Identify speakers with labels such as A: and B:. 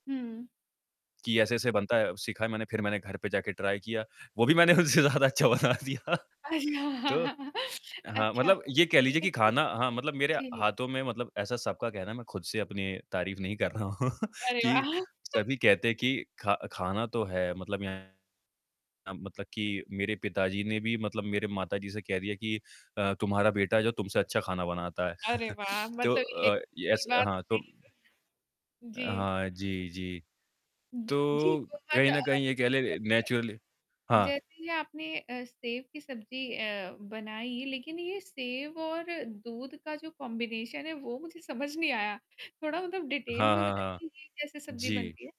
A: हुँ।
B: कि ऐसे-ऐसे बनता है अब सीखा है मैंने फ़िर मैंने घर पे जाके ट्राई किया वो भी मैंने उनसे ज़्यादा अच्छा बना दिया तो
A: अच्छा
B: हाँ,
A: अच्छा
B: मतलब ये कह
A: ये
B: लीजिए
A: है
B: कि
A: कि
B: ख़ाना हाँ, मतलब मेरे
A: जी।
B: हाथों में मतलब ऐसा सबका कहना मैं ख़ुद से अपनी तारीफ़ नहीं कर रहा हूँ
A: अरे
B: कि
A: वाह!
B: सभी कहते हैं कि ख़ा ख़ाना तो है मतलब यहाँ मतलब कि मेरे पिताजी ने भी मतलब मेरे माताजी से कह दिया कि अ, तुम्हारा बेटा जो तुमसे अच्छा खाना बनाता है।
A: अरे वाह!
B: तो
A: मतलब ये
B: अ,
A: बहुत
B: ये
A: बड़ी
B: ऐसा
A: बात हो
B: हाँ, तो
A: गयी।
B: अ,
A: जी।
B: हाँ जी, जी।
A: जी।
B: तो
A: बहुत
B: कहीं
A: अ,
B: न कहीं ये कह
A: जी
B: ले
A: जैसे
B: नेचुरली हाँ।
A: जैसे आपने अ, सेव की सब्ज़ी अ, बनाई लेक़िन ये सेव और दूध का जो कॉम्बिनेशन है वो मुझे समझ नहीं आया। थोड़ा मतलब डिटेल
B: हाँ,
A: में
B: हाँ, हाँ।
A: बताइए ये कैसे सब्ज़ी
B: जी।
A: बनती है?